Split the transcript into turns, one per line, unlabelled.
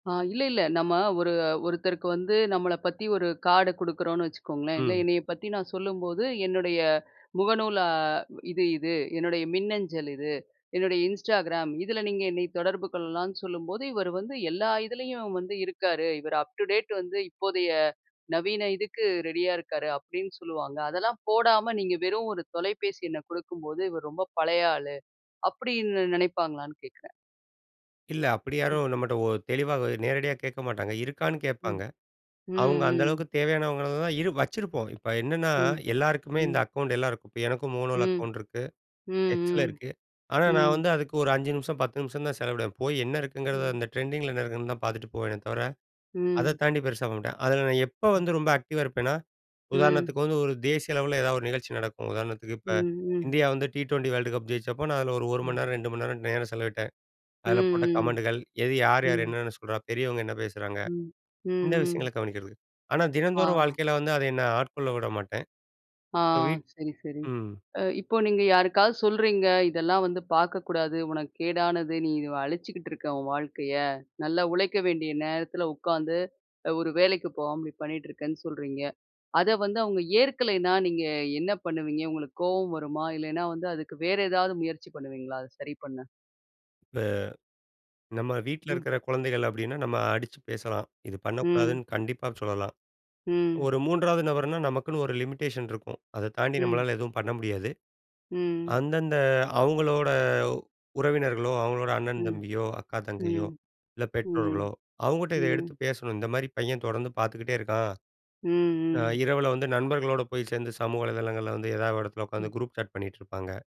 ஆ இல்ல, இல்ல. நம்ம ஒரு ஒருத்தருக்கு வந்து நம்மள பத்தி ஒரு கார்டு குடுக்குறோம்னு வச்சுக்கோங்களேன். இல்ல
ம்.
என்னைய பத்தி நான் சொல்லும்போது என்னுடைய முகநூல் அ இது, இது என்னுடைய மின்னஞ்சல் இது, என்னுடைய இன்ஸ்டாகிராம் இதில நீங்க என்னை தொடர்பு கொள்ளலாம்ன்னு சொல்லும்போது, இவர் வந்து எல்லா இதுலயும் வந்து இருக்காரு இவரு அப்டு டேட் வந்து இப்போதைய நவீன இதுக்கு ரெடியா இருக்காரு அப்டின்னு சொல்லுவாங்க. அதெல்லாம் போடாம நீங்க வெறும் ஒரு தொலைபேசி எண்ணை குடுக்கும்போது, இவர் ரொம்ப பழைய ஆளு அப்டின்னு நெனைப்பாங்களான்னு கேக்றேன்?
இல்ல, அப்டி
ம்.
யாரும் நம்மட்ட ஒரு தெளிவாக நேரடியா கேக்க மாட்டாங்க, இருக்கான்னு கேட்பாங்க.
ம், ம்,
அவுங்க அந்த
ம்.
அளவுக்கு தேவையானவங்கள தான் இரு வச்சிருப்போம். இப்ப என்னன்னா,
ம்,
எல்லாருக்குமே இந்த
ம்.
அக்கவுண்ட் எல்லாருக்கும். இப்ப எனக்கும் முளோல
ம்.
அக்கவுண்ட் இருக்கு
ம்,
எக்ஸல
ம்.
இருக்கு. ஆனா, நான்
ம்.
வந்து அதுக்கு ஒரு 5 நிமிஷம், 10 நிமிஷம் தான் செலவிடுவேன். போய் என்ன இருக்குங்கிறத
ம்.
அந்த ட்ரெண்டிங்கில என்ன இருக்குன்னு தான் பாத்துட்டு போவேனே தவர, அத
ம்.
தாண்டி பெருசா பண்ண மாட்டேன். அதில நான் எப்ப வந்து ரொம்ப ஆக்டிவா இருப்பேன்னா,
ம்.
உதாரணத்துக்கு வந்து ஒரு தேசிய அளவில ஏதாவது ஒரு நிகழ்ச்சி நடக்கும். உதாரணத்துக்கு இப்ப
ம், ம்.
இந்தியா வந்து டி 20 வேர்ல்டு கப் ஜெயிச்சப்போ நான் அதில ஒரு ஒரு மணி
ம்.
நேரம், 2 மணி நேரம் நேரம் செலவிட்டேன்.
ம்,
அதில போட்ட
ம்,
கமெண்டுகள் எது யார், யார்
ம்.
என்னென்ன சொல்றா, பெரியவங்க என்ன பேசுறாங்க
ம், ம்,
இந்த
ம்.
விஷயங்கள கவனிக்கிறது. ஆனா தினந்தோறும்
ஆ.
வாழ்க்கையில வந்து, அத என்ன ஆட்கொள்ள விட மாட்டேன்.
ஆ
இப்ப வீட்
சரி, சரி.
ம்.
அ இப்போ நீங்க யாருக்காவது சொல்றீங்க. இதெல்லாம் வந்து பாக்கக்கூடாது உனக்கு கேடானது நீ அழிச்சுக்கிட்டு இருக்க உன் வாழ்க்கைய. நல்லா உழைக்க வேண்டிய நேரத்தில உக்காந்து, அ ஒரு வேலைக்கு போகாம இப்டி பண்ணிட்டு இருக்கேன்னு சொல்றீங்க. அத வந்து அவுங்க ஏற்கலைன்னா நீங்க என்ன பண்ணுவீங்க உங்களுக்கு கோவம் வருமா? இல்லைன்னா வந்து அதுக்கு வேறு ஏதாவது முயற்சி பண்ணுவீங்களா அத சரி பண்ண?
இப்ப நம்ம வீட்ல
ம்.
இருக்கிற குழந்தைகள் அப்டின்னா, நம்ம அடிச்சு பேசலாம். இது
ம்.
பண்ணக்கூடாதுன்னு கண்டிப்பா சொல்லலாம்.
ம்.
ஒரு மூன்றாவது நபர்னா நமக்குன்னு ஒரு லிமிட்டேஷன் இருக்கும். அத தாண்டி
ம்.
நம்மளால எதுவும் பண்ண முடியாது.
ம்.
அந்த, அந்த அவுங்களோட உறவினர்களோ, அவுங்களோட அண்ணன்,
ம்,
தம்பியோ அக்கா, தங்கையோ
ம்,
இல்ல பெற்றோர்களோ
ம்,
அவுங்கிட்ட இத எடுத்து
ம்.
பேசணும். இந்த மாரி பையன் தொடர்ந்து பாத்துக்கிட்டே இருக்கான்.
ம்,
அ
ம்.
இரவில வந்து நண்பர்களோட போய் சேர்ந்து சமூக வலைதளங்கள்ல வந்து ஏதாவது ஒரு இடத்துல
ம்.
உட்கார்ந்து குரூப் சாட் பண்ணிட்டு இருப்பாங்க.